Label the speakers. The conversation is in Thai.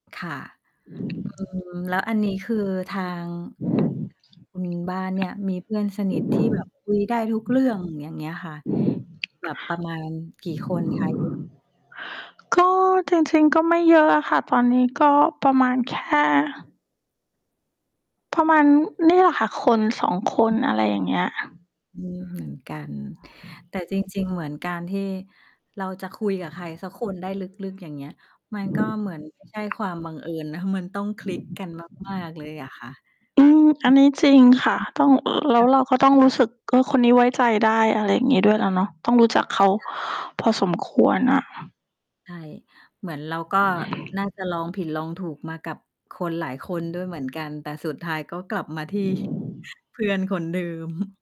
Speaker 1: ค่ะ อือ แล้วอันนี้คือทางคุณบ้านเนี่ย มีเพื่อนสนิทที่ แบบคุยได้ทุกเรื่อง อย่างเงี้ยค่ะ มี แบบประมาณกี่คนคะ? เยอะ
Speaker 2: ก็จริง ๆ ก็ไม่เยอะอะค่ะ ตอนนี้ก็ประมาณแค่ ประมาณนี่แหละค่ะ 1-2 คน อะไรอย่างเงี้ย
Speaker 1: อืม เหมือนกัน แต่จริง ๆ เหมือนการที่เราจะคุยกับใครสักคนได้ลึก ๆ อย่างเงี้ย มันก็เหมือนไม่ใช่ความบังเอิญนะ มันต้องคลิกกันมาก ๆ เลยอะค่ะ
Speaker 2: อืม อันนี้จริงค่ะ ต้อง แล
Speaker 1: ค
Speaker 2: ้ว
Speaker 1: ่ะ
Speaker 2: เราก็ต้องรู้สึก ก็คนนี้ไว้ใจได้ อะไรอย่างงี้ ด้วยแหละเนาะ ต้องรู้จักเขา
Speaker 1: ค่ะ
Speaker 2: พอสมควรน่ะ
Speaker 1: ใช่ เหมือนเราก็น่าจะลองผิดลองถูกมากับคนหลายคนด้วยเหมือนกัน แต่สุดท้ายก็กลับมาที่เพื่อนคนเดิม